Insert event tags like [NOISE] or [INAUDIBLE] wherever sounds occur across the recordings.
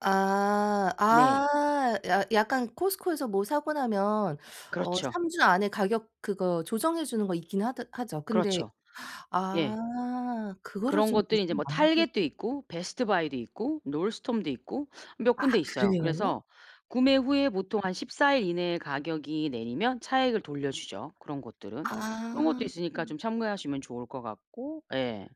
아. 네. 아. 야 약간 코스트코에서 뭐 사고 나면 어 그렇죠. 3주 안에 가격 그거 조정해 주는 거 있긴 하더 하죠. 근데 그렇죠. 예. 아. 그거를 그런 좀 것들이 인제 유심히 뭐 안보 target도 있고 베스트바이도 있고 놀스톰도 있고 몇 아 군데 있어요. 그래요? 그래서 구매 후에 보통 한 14일 이내에 가격이 내리면 차액을 돌려주죠, 그런 것들은. 그런 아. 것도 있으니까 좀 참고하시면 좋을 것 같고. 예.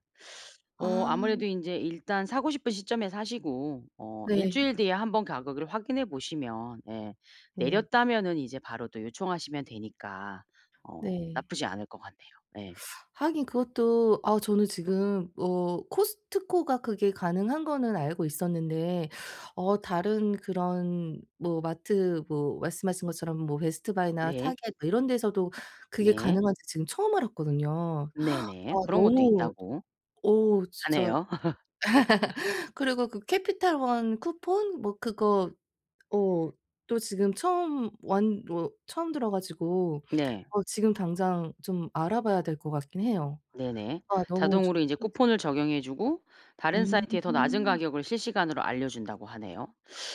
어 아. 아무래도 인제 일단 사고 싶은 시점에 사시고 어 일 네. 주일 뒤에 한번 가격을 확인해 보시면 예 예. 내렸다면은 이제 바로 또 요청하시면 되니까 어 네. 나쁘지 않을 것 같네요. 예. 하긴 그것도 아 저는 지금 어 코스트코가 그게 가능한 거는 알고 있었는데 어 다른 그런 뭐 마트 뭐 말씀하신 것처럼 뭐 베스트 바이나 네. 타겟 뭐 이런 데서도 그게 네. 가능한지 지금 처음 알았거든요. [GASPS] 아 네네. 그런 것도 너무 있다고 어 진짜 하네요. [LAUGHS] [LAUGHS] 그리고 그 캐피털 원 쿠폰 뭐 그거 어 또 지금 처음 완 뭐 처음 들어 가지고 네. 어 지금 당장 좀 알아봐야 될 것 같긴 해요. 네네. 아 너무 자동으로 인제 [UNINTELLIGIBLE] 쿠폰을 적용해 주고 다른 사이트에 더 낮은 음. 가격을 실시간으로 알려준다고 하네요.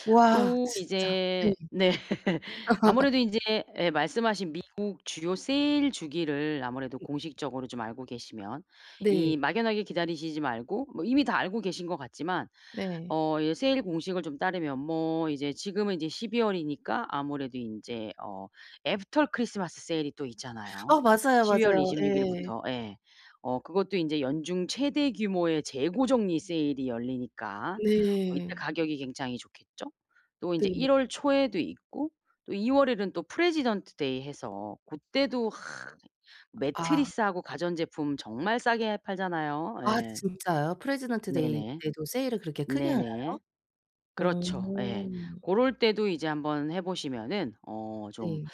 와 또 진짜. 네. 이제 네. [LAUGHS] 아무래도 인제 예 말씀 하신 미국 주요 세일 주기를 아무래도 공식적으로 좀 알고 계시면 네. 이 막연하게 기다리시지 말고 뭐 이미 다 알고 계신 것 같지만 네. 어 이 세일 공식을 좀 따르면 뭐 이제 지금은 인제 12월이니까 아무래도 인제 어 애프터 크리스마스 세일이 또 있잖아요. 아 맞아요, 십이 월 맞아요. 이십 육 예. 예. 어 그것도 인제 연중 최대 규모의 재고 정리 세일이 열리니까 어 이때 네. 가격이 굉장히 좋겠죠. 또 인제 네. 1월 초에도 있고 또 2월에는 또 프레지던트 데이 해서 고때도 아. 매트리스하고 가전제품 정말 싸게 팔잖아요. 아 예. 진짜요? 프레지던트 데이 네네. 때도 세일을 그렇게 크게 하나요? 네네. 어. 그렇죠. 예. 고럴 때도 이제 한번 해보시면은 어 좀 네.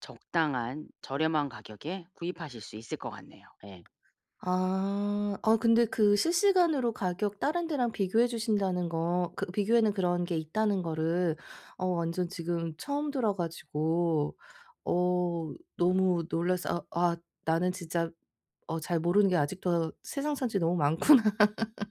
적당한 저렴한 가격에 구입하실 수 있을 것 같네요. 예. 아. 아 근데 그 실시간으로 가격 다른 데랑 비교해 주신다는 거 그 비교에는 그런 게 있다는 거를 어 완전 지금 처음 들어 가지고 어 너무 놀라서 아 아 나는 진짜 어 잘 모르는 게 아직도 세상천지 너무 많구나. [LAUGHS]